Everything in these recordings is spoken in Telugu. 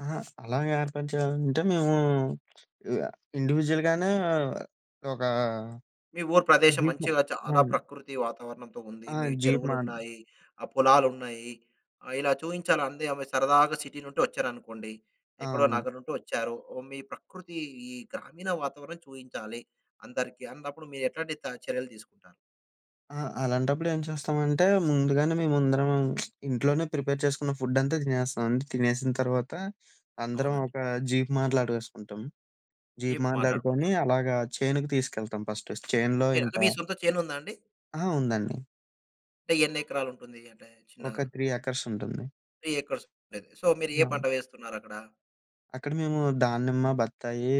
అహా! అలాగ ఏర్పాటు చేయాలంటే మేమూ, ఇండివిడ్యువల్‌గానే ఒకా మీ ఊరు ప్రదేశం జీపు మంచిగా చాలా అవును. ప్రకృతి వాతావరణంతో ఉంది. ఆ! మీ జీపు మాన్ చెరువులున్నాయి, ఆహ్, పొలాలున్నాయి, ఆహ్, ఇలా చూయించాలంది. ఆమె సరదాగా సిటీ నుండి వచ్చారనుకోండి ఆ! ఎక్కడో అవునండి. నగరం నుండి వచ్చారు. ఓహ్! మీ ప్రకృతీ, ఈ గ్రామీణ వాతావరణం చూయించాలి. అందరికీ అన్నప్పుడు మీరెట్లాంటి త చర్యలు తీసుకుంటారు? ఆ! అలాంటప్పుడు ఏం చేస్తామంటే ముందుగానే మేమందరం ఇంట్లోనే ప్రిపేర్ చేసుకున్న ఫుడ్డంతా తినేస్తాం. అంతా తినేసిన తర్వాత అందరం అవునండి. ఒక జీపు మాట్లాడేసుకుంటాం. జీపు ఏం మాట్లాడుకొని మాట్లాడుకుంటారు? అలాగా చేనుకి తీసుకెళ్తాం ఫస్టు, చేనులో ఓకె. ఇంక అంటే మీ సొంత చేనుందా అండి? ఆహా! ఉందండి. అంటే ఎన్ని ఎకరాలుంటుంది? అంటే చిన్నగా ఒక 3 ఎకర్సుంటుంది. 3 ఎకర్సుండేది. సో, మీరు ఏ అవును. పంట వేస్తున్నారక్కడ? అక్కడ మేము దానిమ్మ, బత్తాయీ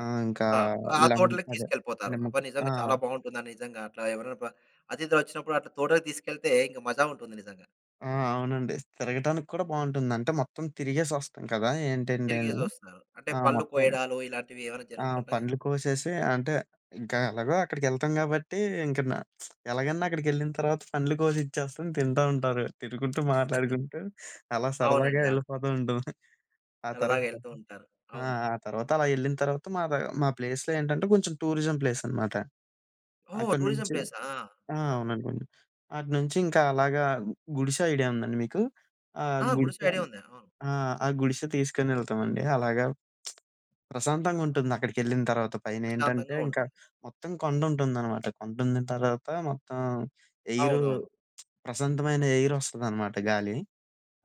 ఆహ్, ఇంకా ఆ! ఆ లెమన్ తోటలకి అదే తీసుకెళ్ళిపోతారు. నిమ్మ, అబ్బా! ఆ! నిజంగా చాలా బావుంటుందా? నిజంగా అట్లా ఎవరైనా ప్ర అతిథులొచ్చినప్పుడు అట్టా తోటకి తీసుకెళ్తే ఇంక మజా ఉంటుంది నిజంగా. ఆ! అవునండి. తిరగటానికి కూడా బావుంటుంది. అంటే మొత్తం తిరిగేసొస్తాం కదా! ఏంటేంటి అని. తిరిగేసొస్తారు. అంటే ఆ! పళ్ళు మొత్తం కోయడాలు ఇలాంటివేవయినా ఆ! జరుగుతుంటాయా? పండ్లు కోసేసి అంటే ఇంకెలాగో అక్కడికెళ్తాం కాబట్టి, ఇంక న ఎలాగన్నా అక్కడికెళ్ళిన తర్వాత పండ్లు కోసి ఇచ్చేస్తాం. తింటా ఉంటారు. తినుకుంటూ, మాట్లాడుకుంటూ అలా సరదాగా అవునండి. అవును. యెళ్ళిపోతూ ఉంటాం. ఆ సరదాగా తర్వాత యెళ్తూ ఉంటారు. ఆ! అవును. ఆ తర్వాత అలా యెళ్ళిన తర్వాత, మా ద మా ప్లేస్‌లో ఏంటంటే కొంచెం టూరిజం ప్లేసనమాట. ఓహో! టూరిజం అక్కడినుంచి ప్లేసా! ఆ! ఆహాహా! అవునండి. అటునుంచి ఇంక అలాగా గుడిసె ఐడియా ఉందండి మీకు? ఆ! ఆ! గుడిస గుడిసే ఐడియా ఉంది. ఆ! ఆ! ఆ గుడిసె తీసుకొనెళ్తామండి అలాగా. ప్రశాంతంగుంటుంది, అక్కడికెళ్ళిన తర్వాత. పైనేంటంటే ప్రశాంతంగా ఇంకా ఉంటుంది. మొత్తం కొండ ఉంటుందనమాట. కొండందున తర్వాత మొత్తం ఎయిరు, అవునవును. ప్రశాంతమైన ఎయిరొస్తదనమాట. గాలీ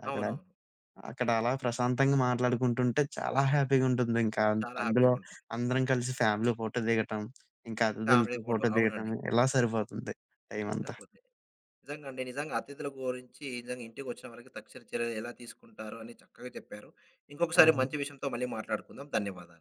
అక్కడ, అవునవును. అక్కడ అలా ప్రశాంతంగా మాట్లాడుకుంటుంటే చాలా హ్యాపీగుంటుంది ఇంక. అన్ చాలా అందులో హ్యాపీగుంటుంది. అందరం కలిసి ఫ్యామిలీ ఫోటో దిగటం, ఇంక ఫ్యామిలీ అతిథులతో ఫోటో, ఫోటో దిగటం, అవునండి. ఇలా సరిపోతుంది టైమంతా. సరిపొద్ది, నిజంగండి, నిజంగా అతిధుల గోరించి, నిజంగా ఇంటికొచ్చిన వారికి తక్షణ చర్యలు ఎలా తీసుకుంటారు అని చక్కగా చెప్పారు. ఇంకొకసారి అవును. మంచి విషయంతో మళ్ళీ మాట్లాడుకుందాం. ధన్యవాదాలు.